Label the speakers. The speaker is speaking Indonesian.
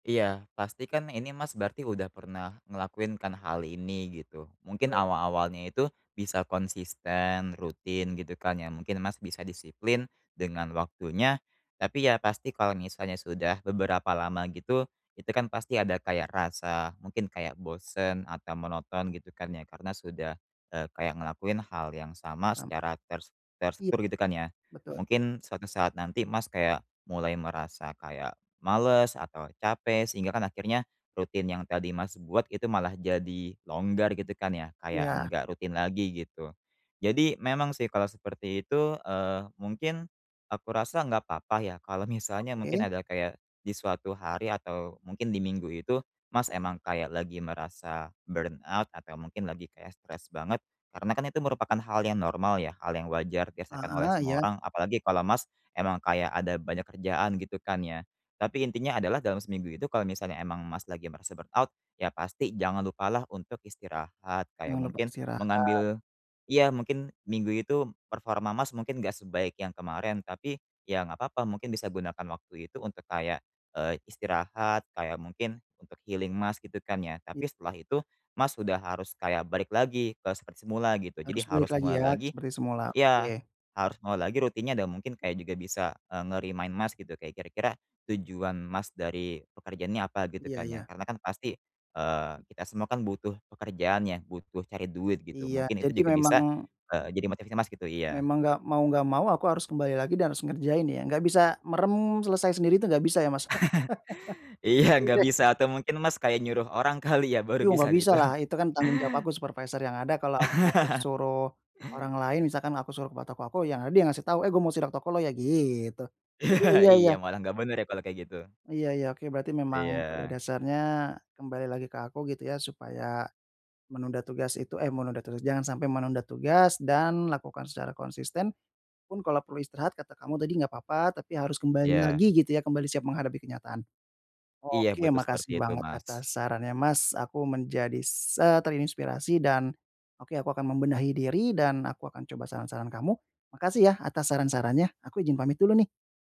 Speaker 1: Iya, pastikan ini Mas berarti udah pernah ngelakuin kan hal ini gitu. Mungkin
Speaker 2: [unintelligible]
Speaker 1: awal-awalnya itu bisa konsisten rutin gitu kan ya, mungkin Mas bisa disiplin dengan waktunya, tapi ya pasti kalau misalnya sudah beberapa lama gitu, itu kan pasti ada kayak rasa, mungkin kayak bosen atau monoton gitu kan ya, karena sudah, eee, kayak ngelakuin hal yang sama
Speaker 2: Dampak.
Speaker 1: secara ter
Speaker 2: Iya.
Speaker 1: terstruktur gitu kan ya.
Speaker 2: Betul.
Speaker 1: Mungkin, suatu saat nanti Mas kayak mulai merasa kayak males atau capek, sehingga kan akhirnya rutin yang tadi Mas buat itu malah jadi longgar gitu kan ya, kayak
Speaker 2: Iya.
Speaker 1: enggak rutin lagi gitu. Jadi, memang sih kalau seperti itu, eee, mungkin, aku rasa nggak apa-apa ya, kalau misalnya mungkin
Speaker 2: Oke.
Speaker 1: ada kayak di suatu hari atau mungkin di minggu itu, Mas emang kayak lagi merasa burnout atau mungkin lagi kayak stres banget, karena kan itu merupakan hal yang normal ya, hal yang wajar dirasakan oleh
Speaker 2: Heeh,
Speaker 1: semua
Speaker 2: iya.
Speaker 1: orang, apalagi kalau Mas emang kayak ada banyak kerjaan gitu kan ya. Tapi intinya adalah dalam seminggu itu kalau misalnya emang Mas lagi merasa burnout, ya pasti jangan lupalah untuk istirahat kayak
Speaker 2: Jangan lupa
Speaker 1: mungkin
Speaker 2: istirahat.
Speaker 1: mengambil iya mungkin minggu itu performa Mas mungkin nggak sebaik yang kemarin, tapi ya nggak apa-apa mungkin bisa gunakan waktu itu untuk kayak, eee, istirahat, kayak mungkin untuk healing Mas, gitu kan ya. Tapi setelah itu, Mas udah harus kayak balik lagi ke seperti semula gitu. Jadi
Speaker 2: Harus balik
Speaker 1: harus
Speaker 2: lagi
Speaker 1: mulai
Speaker 2: ya,
Speaker 1: lagi
Speaker 2: seperti semula,
Speaker 1: iya,
Speaker 2: oke.
Speaker 1: harus mau lagi rutinnya dan mungkin kayak juga bisa, e nge-remind Mas gitu, kayak kira-kira tujuan Mas dari pekerjaannya apa, gitu
Speaker 2: Iya
Speaker 1: kan ya.
Speaker 2: iya.
Speaker 1: Karena kan pasti, eee, kita semua kan butuh pekerjaan ya, butuh cari duit gitu.
Speaker 2: Iya,
Speaker 1: Mungkin itu
Speaker 2: jadi
Speaker 1: juga bisa,
Speaker 2: memang.
Speaker 1: eee, jadi motivasi Mas gitu iya.
Speaker 2: Memang nggak mau nggak mau aku harus kembali lagi dan harus ngerjain ya, nggak bisa merem, selesai sendiri itu nggak bisa ya, Mas.
Speaker 1: Iya, nggak bisa
Speaker 2: [unintelligible]
Speaker 1: atau mungkin Mas kayak nyuruh orang kali ya, baru
Speaker 2: Iya
Speaker 1: bisa
Speaker 2: nggak
Speaker 1: gitu.
Speaker 2: bisalah, itu kan tanggung jawab aku supervisor yang ada kalau aku suruh orang lain, misalkan aku suruh ke poto toko aku, yang ada yang ngasih tahu, "eh gua mau sidak toko lu ya" gitu. Mmm, iya iya.
Speaker 1: Iya, malah nggak benar ya kalo kayak gitu.
Speaker 2: Iya iya, oke berarti memang pada
Speaker 1: Iya.
Speaker 2: dasarnya, kembali lagi ke aku gitu ya, supaya menunda tugas itu, eh menunda tugas, jangan sampai menunda tugas, dan lakukan secara konsisten. Pun kalau perlu istirahat kata kamu tadi nggak apa-apa tapi harus kembali
Speaker 1: Iya.
Speaker 2: lagi gitu ya, kembali siap menghadapi kenyataan.
Speaker 1: Iya
Speaker 2: Oke ya
Speaker 1: betul seperti
Speaker 2: makasih
Speaker 1: itu,
Speaker 2: banget
Speaker 1: Mas.
Speaker 2: atas sarannya Mas, aku menjadi se terinspirasi, dan, oke aku akan membenahi diri dan aku akan coba saran-saran kamu. Makasih ya atas saran-sarannya, aku izin pamit dulu nih.